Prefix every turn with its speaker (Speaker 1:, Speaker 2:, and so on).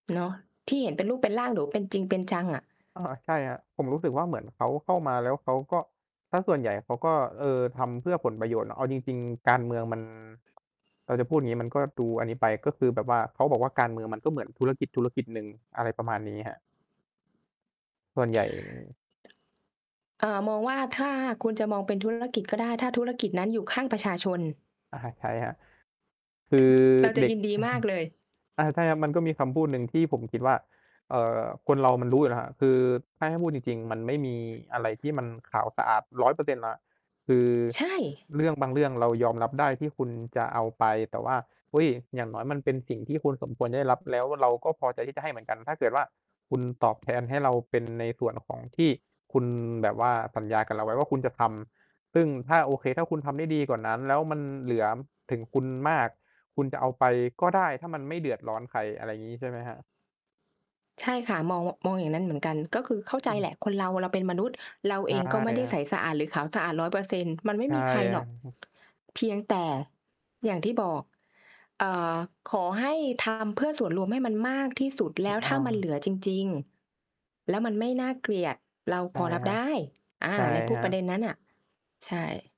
Speaker 1: เนาะ ที่เห็นเป็นรูปเป็นร่าง หรือว่าเป็นจริงเป็นจังอะ
Speaker 2: โอ้โฮ! ใช่ครับ ผมรู้สึกว่าเหมือนเขาเข้ามา แล้วเขาก็ เสียส่วนใหญ่เขาก็ เออ ทำเพื่อผลประโยชน์ แล้วเอาจริง ๆ การเมืองมัน เออ จะพูดอย่างงี้ มันก็ดูอันนี้ไป ก็คือแบบว่าเขาบอกว่า "การเมืองมันก็เหมือนธุรกิจธุรกิจหนึ่ง" อะไรประมาณนี้ครับ ส่วนใหญ่
Speaker 1: เอ่อ มองว่า ถ้าคุณจะมองเป็น ธุรกิจ ก็ได้ ถ้าธุรกิจนั้นอยู่ข้างประชาชน
Speaker 2: อะฮะ ใช้ครับ คือ
Speaker 1: เราจะ
Speaker 2: เด็
Speaker 1: ย
Speaker 2: ก
Speaker 1: ินดีมากเลย
Speaker 2: อา ใช่ครับ มันก็มีคำพูดหนึ่งที่ผมคิดว่า เอ่อ คนเรามันรู้อยู่แล้วครับ คือ ถ้าให้พูดจริง ๆ มันไม่มีอะไรที่มันขาวสะอาด 100% หรอกครับ คือ
Speaker 1: ใช่
Speaker 2: เรื่องบางเรื่องเรายอมรับได้ที่คุณจะเอาไป แต่ว่า อุ๊ย! อย่างน้อยมันเป็นสิ่งที่คุณสมควรได้รับ แล้วเราก็พอใจที่จะให้เหมือนกัน ถ้าเกิดว่า คุณตอบแทนให้เราเป็นในส่วนของที่คุณแบบว่าสัญญากับเราไว้ว่าคุณจะทำ ซึ่งถ้า โอเค ถ้าคุณทำได้ดีกว่านั้น แล้วมันเหลือถึงคุณมาก คุณจะเอาไปก็ได้ ถ้ามันไม่เดือดร้อนใคร อะไรงี้ ใช่ไหมครับ?
Speaker 1: ใช่ค่ะ มอง ว มองอย่างนั้นเหมือนกัน ก็คือเข้าใ
Speaker 2: อ
Speaker 1: จ
Speaker 2: ื
Speaker 1: แหล
Speaker 2: ม
Speaker 1: ะคนเรา เราเป็นมนุษย์ เรา
Speaker 2: ใ
Speaker 1: เ
Speaker 2: ช
Speaker 1: อ
Speaker 2: ่
Speaker 1: งก็ไม่ได
Speaker 2: ค
Speaker 1: ้
Speaker 2: รั
Speaker 1: ใ
Speaker 2: บ
Speaker 1: สสะอาดหรือขาวสะอาด 100% มันไม่
Speaker 2: ใช่
Speaker 1: มีใคร
Speaker 2: คร
Speaker 1: ห
Speaker 2: ั
Speaker 1: ร
Speaker 2: บ
Speaker 1: อก เพียงแต่ อย่างที่บอก อ่า ขอให้ ทำ เพื่อส่วนรวมให้มันมากที่สุด แ
Speaker 2: ถ
Speaker 1: ล
Speaker 2: ู
Speaker 1: ้
Speaker 2: ก
Speaker 1: ว
Speaker 2: อ
Speaker 1: ถ
Speaker 2: ้อ
Speaker 1: ้าม
Speaker 2: ง
Speaker 1: ันเหลือจริง ๆ แล้วมันไม่น่าเกลียด เรา
Speaker 2: ใช
Speaker 1: พ
Speaker 2: ่
Speaker 1: อรั
Speaker 2: ค
Speaker 1: บ
Speaker 2: รั
Speaker 1: ไ
Speaker 2: บ
Speaker 1: ด้ อา
Speaker 2: ใช่
Speaker 1: ในพ
Speaker 2: ค
Speaker 1: วก
Speaker 2: รั
Speaker 1: ประ
Speaker 2: บ
Speaker 1: เด็นนั้นน่ะ ใช่